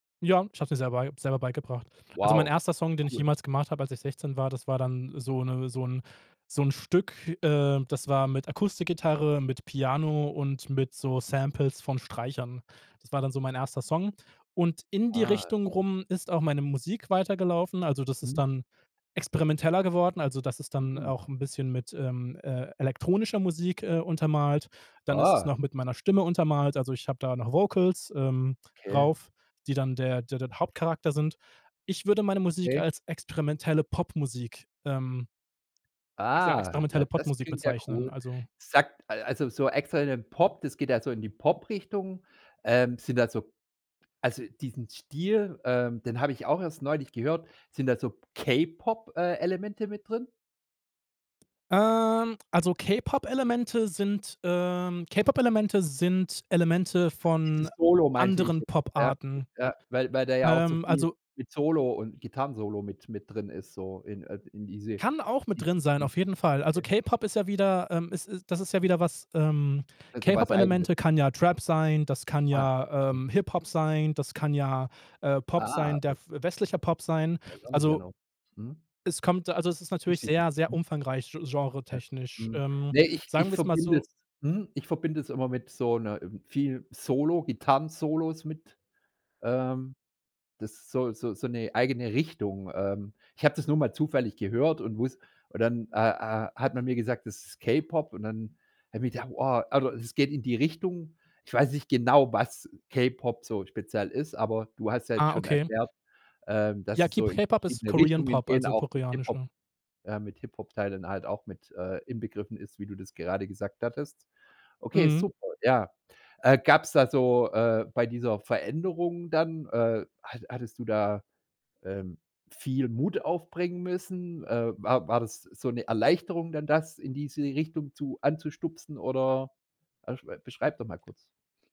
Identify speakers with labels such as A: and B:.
A: Ja, ich habe es mir selber ei selber beigebracht. Also, mein
B: Wow,
A: erster Song, den ich
B: cool.
A: jemals gemacht hab, als ich 16 war, das war dann so 'ne so 'n so 'n Stück, äh, das war mit Akustikgitarre, mit Piano und mit so
B: Mhm.
A: Samples von Streichern. Das war dann so mein 1. Song. Und in die
B: Ah.
A: Richtung
B: Mhm.
A: rum ist auch meine Musik weitergelaufen, also das ist
B: Mhm.
A: dann experimenteller geworden, also das ist dann
B: Mhm.
A: auch 'n bisschen mit, ähm, äh, elektronischer Musik, äh, untermalt. Dann ist es
B: Ah.
A: noch mit meiner Stimme untermalt, also ich habe da noch Vocals, ähm,
B: Okay.
A: drauf, die dann der der der Hauptcharakter sind. Ich würde meine Musik
B: Okay.
A: als experimentelle Popmusik, ähm ich sage,
B: Ah,
A: experimentelle
B: ja, das
A: Popmusik
B: klingt ja
A: bezeichnen,
B: cool.
A: also
B: Sagt also so extra in den Pop, das geht ja so in die Pop-Richtung, ähm, sind da so also diesen Stil, ähm, den habe ich auch erst neulich gehört. Sind da so K-Pop äh, Elemente mit drin?
A: ähm, also K-Pop-Elemente sind, ähm K-Pop-Elemente sind Elemente
B: Also,
A: von
B: dieses Solo meinte ich
A: anderen
B: jetzt. Ja,
A: Poparten.
B: ja, weil weil da ja auch so
A: Ähm,
B: viel
A: also
B: mit Solo und Gitarrensolo mit mit drin ist, so in äh, in diese.
A: Kann auch mit drin sein,
B: [unintelligible]
A: auf
B: Okay.
A: jeden Fall. Also, K-Pop ist ja wieder, ähm ist ist das ist ja wieder was, ähm
B: Also was Eigenes.
A: K-Pop-Elemente kann ja Trap sein, das kann
B: Ah.
A: ja,
B: Mhm.
A: ähm, Hip-Hop sein, das kann ja, äh, Pop
B: Ah,
A: sein, der
B: okay.
A: westlicher Pop sein.
B: Weiss auch nicht
A: Also
B: genau. Mhm.
A: es kommt also es ist natürlich sehr, sehr
B: [unintelligible]
A: umfangreich gen
B: Äh.
A: genretechnisch.
B: Mhm.
A: Ähm,
B: Ne, ich
A: sagen
B: ich
A: wir's mal
B: verbinde
A: so
B: das mhm, ich verbinde das immer mit so 'ner viel Solo, Gitarren-Solos mit ähm, das ist so so so 'ne eigene Richtung. Ähm. Ich habe das nur mal zufällig gehört und wuss und dann, äh, äh, hat man mir gesagt, das ist K-Pop. Und dann habe ich gedacht: „Boah.” Also, es geht in die Richtung, ich weiß nicht genau, was K-Pop so speziell ist, aber du hast ja jetzt
A: Ah,
B: schon
A: okay.
B: erklärt, ähm, dass
A: Ja,
B: es
A: Ki
B: so in
A: K-Pop ist
B: verschiedene
A: Korean
B: Richtungen
A: Pop,
B: geht,
A: also
B: auch mit Hip Hop,
A: koreanischer.
B: äh, mit Hip-Hop-Teilen halt auch mit, äh, inbegriffen ist, wie du das gerade gesagt hattest. Okay,
A: Mhm.
B: super, ja. Äh, gab's da so, äh bei dieser Veränderung dann, äh, hatt hattest du da, ähm, viel Mut aufbringen müssen? Äh, war war das so 'ne Erleichterung dann, das in diese Richtung zu anzustupsen oder, äh, sch beschreib doch mal kurz.